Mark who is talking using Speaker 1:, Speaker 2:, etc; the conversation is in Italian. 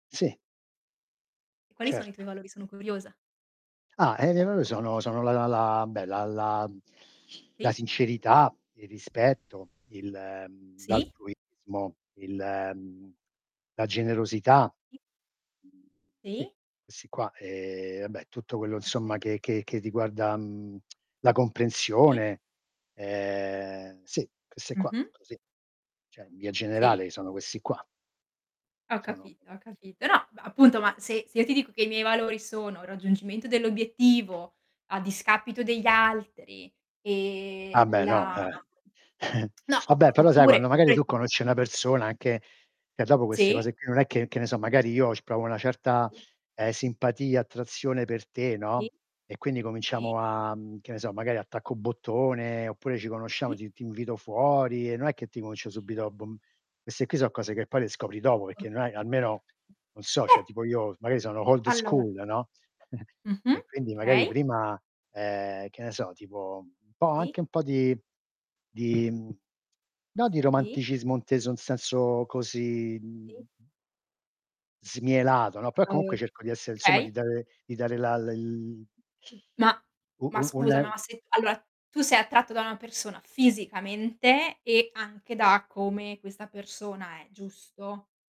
Speaker 1: Sì.
Speaker 2: E quali sono i tuoi
Speaker 1: Certo.
Speaker 2: valori? Sono curiosa.
Speaker 1: Ah, eh, non lo sono sono la la la, beh, la la la
Speaker 2: Sì.
Speaker 1: sincerità, il rispetto, il, mhmm,
Speaker 2: Sì.
Speaker 1: l'altruismo, il, mhmm, la generosità.
Speaker 2: I.
Speaker 1: Sì,
Speaker 2: Sì.
Speaker 1: questi qua, ehm, vabbè tutto quello insomma
Speaker 2: Okay.
Speaker 1: che che che riguarda, mhmm, la
Speaker 2: I.
Speaker 1: comprensione. Ehm, sì, queste qua,
Speaker 2: Mh-mh.
Speaker 1: così. Cioè in via
Speaker 2: Sì.
Speaker 1: generale sono questi qua.
Speaker 2: Ho
Speaker 1: Sono
Speaker 2: capito, ho capito. No ba appunto, ma se se io ti dico che i miei valori sono il raggiungimento dell'obiettivo a discapito degli altri e
Speaker 1: Ah beh, no,
Speaker 2: la
Speaker 1: eh.
Speaker 2: no,
Speaker 1: Ah
Speaker 2: op
Speaker 1: beh, però sai, quando
Speaker 2: oppure
Speaker 1: magari
Speaker 2: quel
Speaker 1: tu
Speaker 2: tipo
Speaker 1: conosci una persona anche e dopo queste
Speaker 2: Sì.
Speaker 1: cose qui non è che, che ne so magari, io c provo una certa,
Speaker 2: Sì.
Speaker 1: eh, simpatia, attrazione per te,
Speaker 2: Sì.
Speaker 1: no. E quindi
Speaker 2: Sì.
Speaker 1: cominciamo a, mhmm, che ne so, magari attacco bottone, oppure ci conosciamo,
Speaker 2: Sì.
Speaker 1: ti ti invito fuori e non è che ti comincio
Speaker 2: Sì.
Speaker 1: subito a bom queste qui son cose che poi le scopri dopo, perché non hai almeno non
Speaker 2: [unintelligible]
Speaker 1: so, cioè
Speaker 2: Beh
Speaker 1: tipo io magari sono old
Speaker 2: Allora
Speaker 1: school, no,
Speaker 2: Mh-mh,
Speaker 1: e quindi magari
Speaker 2: okay.
Speaker 1: prima, ehm, che ne so, tipo un po'
Speaker 2: Sì.
Speaker 1: anche un po' di di, mhmm, no di
Speaker 2: Sì.
Speaker 1: romanticismo inteso in senso così,
Speaker 2: Sì.
Speaker 1: mhmm smielato, no. Però, comunque,
Speaker 2: [unintelligible]
Speaker 1: cerco di essere insomma
Speaker 2: okay.
Speaker 1: di dare di dare la l
Speaker 2: Ma
Speaker 1: U
Speaker 2: ma
Speaker 1: u un
Speaker 2: scusa, ma se t allora, tu sei attratto da una persona fisicamente e anche da come questa persona è, giusto?